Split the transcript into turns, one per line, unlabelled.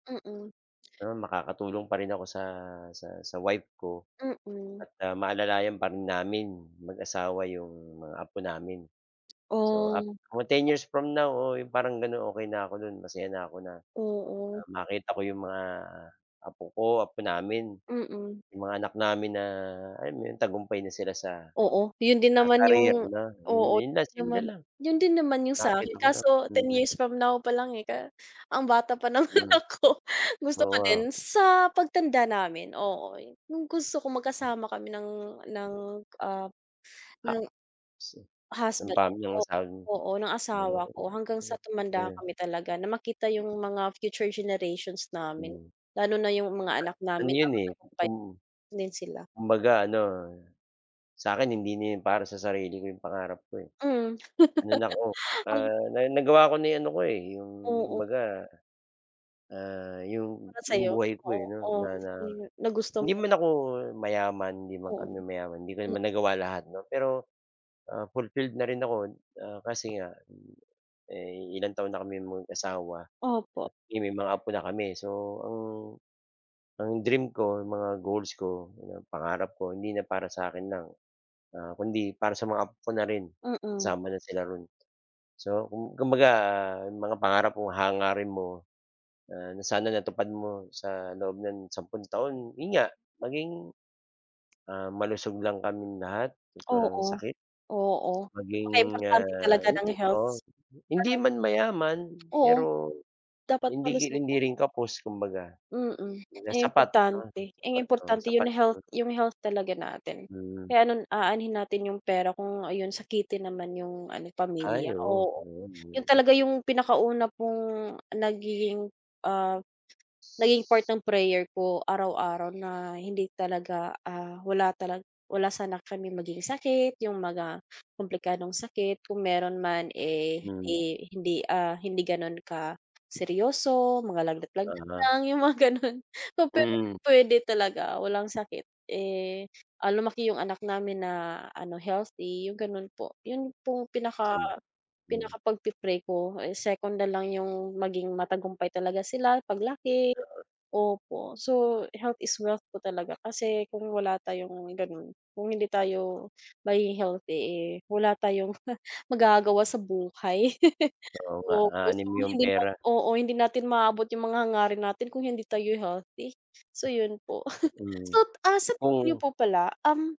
Mm.
Pero makakatulong pa rin ako sa sa sa wife ko,
Mm.
at, ah, maalalayan pa rin namin mag-asawa 'yong mga apo namin. So, ap
Oh.
o 10
Eh
years from now, oo, parang ganon okey na ako no'n masaya na ako na,
Oo.
ah, makita ko 'yong mga apo ko, apo namin.
Mm.
'Yong mga anak namin na, alam mo yon tagumpay na sila sa
Oo, 'yun din
sa
naman
career,
yung
'no iyon
oo,
'yon lang simple
naman,
lang.
'yun din naman 'yung
Makita
sa'kin
ko lang
kaso 10
mhm.
years from now pa lang eh, ka um bata pa, naman
Hmm.
ako. Gusto ko
Oo.
din sa pagtanda namin oo, 'yung gusto kong magkasama kami ng ng ah,
Ah,.
ng
[unintelligible] 'Yun
Husband,
tama 'yung
o
asawa
oo ng
niyo,
asawa ko hanggang sa
[unintelligible]
tumanda
ayun.
kami talaga na makita 'yung mga future generations namin,
Hmm.
lalo na 'yung mga anak
Ano
namin na
'yon, eh,
matagumpay
kung
din sila.
kumbaga ano, sa akin hindi na 'yon para sa sarili ko 'yong pangarap ko, eh.
Hmm.
Ano na ko,
Um.
ah, na nagawa ko na yung ano ko eh, 'yung
Oo.
baga, ah, 'yong
Para
'yong
sayo,
buhay ko eh, 'no
oo,
na na
m na gusto
hindi
mo.
man ako mayaman, 'di man
Oo.
kami mayaman, 'di ko
M
naman nagawa lahat, 'no, pero, ah, fulfilled na rin ako ah, kasi nga, eh, ilang taon na kami mag asawa at
Opo.
may mga apo na kami, so ang ang dream ko, mga goals ko, mga pangarap ko, hindi na para sa akin lang. Ah, kundi para sa mga apo ko na rin,
Mm.
kasama na sila roon. So, kum kumbaga, 'yung mga pangarap o hangarin mo na, na sana natupad mo sa loob ng 10 taon 'yon nga, maging, ah, malusog lang kaming lahat at walang
Oo,
sakit.
oo,
Maging,
napaka importante
ah,
talaga
'yun
ng
eh oo,
healths.
hindi
Lahat
man mayaman,
Oo,
pero
dapat
hindi ri
malusog,
hindi rin
oo.
kapos, kumbaga.
Mm,
Kumbaga
eh,
sapat 'no,
importante, eh
sapat o,
importante 'yung
sapat
health
'yon.
yung health talaga natin.
Mhm.
Kaya anon aanhin natin 'yung pera kung ah, 'yun sakitin naman 'yung ano
Ay
pamilya
oo,
oo.
noon
'Yun
'yon.
talaga 'yung pinakauna pong nagiging, ah, nagiging part ng prayer ko araw-araw na hindi talaga ah, wala talag wala sana kami maging sakit, 'yung mga komplikadong sakit, kung meron man eh
Hmm.
hindi hindi ah, hindi ganon ka seryoso, mga lagnat-lagnat
Ah.
lang 'yung mga ganun. Pa pero
Mm.
puwede talaga walang sakit eh, ah, lumaki 'yung anak namin na, ano healthy 'yung ganun po, 'yun pong pinaka
Tama, hmm.
pinaka pagpi-pray ko eh, second nalang 'yung maging matagumpay talaga sila paglaki,
Oo.
opo, so health is wealth po talaga, kasi kung wala tayong ganun, kung hindi tayo magiging healthy eh, wala tayong magagawa sa buhay.
Oo nga,
Opo, so
aanhin mo 'yong
hindi na
pera.
oo hindi natin maabot 'yung mga hangarin natin kung hindi tayo'y healthy. So 'yun po.
Mhm,
So, ah, sa tingin niyo
kung
po pala, um